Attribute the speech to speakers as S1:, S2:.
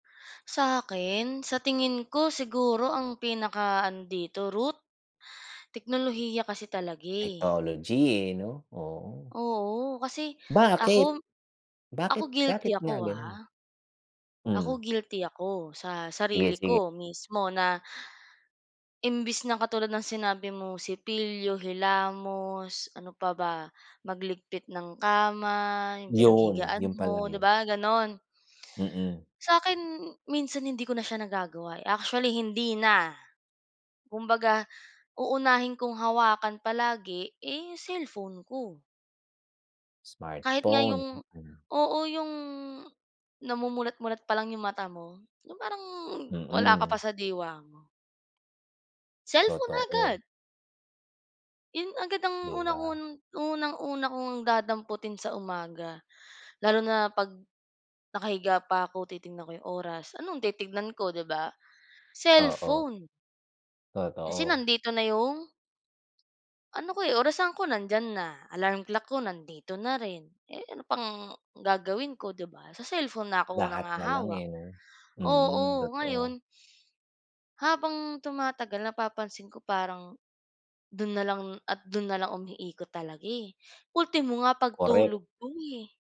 S1: Sa'kin sa tingin ko siguro ang pinaka-ano dito root, teknolohiya kasi talaga eh.
S2: Technology eh, 'no, oo.
S1: Oo, kasi
S2: Bakit?
S1: ako ako
S2: bakit
S1: guilty
S2: bakit nga
S1: ako
S2: ganun?
S1: ha.
S2: Hmm.
S1: Ako guilty ako sa
S2: Sige,
S1: sarili
S2: sige.
S1: ko mismo na. Imbes na katulad ng sinabi mo sipilyo, hilamos ano pa ba magligpit ng kama, yung
S2: Yun,
S1: pinaghigaan
S2: yun pala
S1: mo 'di
S2: yun.
S1: ba, ganon.
S2: Mm.
S1: Sa'kin minsan hindi ko na siya nagagawa, actually hindi na kumbaga uunahin kong hawakan palagi eh, cellphone ko. Kahit nga
S2: Smartphone.
S1: 'yong
S2: Mm.
S1: oo 'yong namumulat-mulat pa lang 'yong mata mo 'yong parang wala ka pa
S2: Mm.
S1: sa diwa mo. Cellphone
S2: Totoo.
S1: agad. Yon agad ang
S2: Di ba?
S1: unang-un unang-una ko ngang dadamputin sa umaga lalo na 'pag nakahiga pa ako titingnan ko 'yong oras anong titingnan ko 'di ba?
S2: Oo.
S1: Cellphone. Kasi
S2: Totoo.
S1: nandito na yung? Ano ko eh, orasan ko nandiyan na, alarm clock ko nandito na rin, eh, ano pang gagawin ko 'di ba sa cellphone na ako unang
S2: Lahat nalang
S1: hahawak.
S2: eh, 'no. Mhm,
S1: Oo,
S2: totoo.
S1: ngayon habang tumatagal napapansin ko parang dun na lang at dun na lang umiikot talaga, eh, ultimo nga
S2: Korek.
S1: pagtulog ko eh.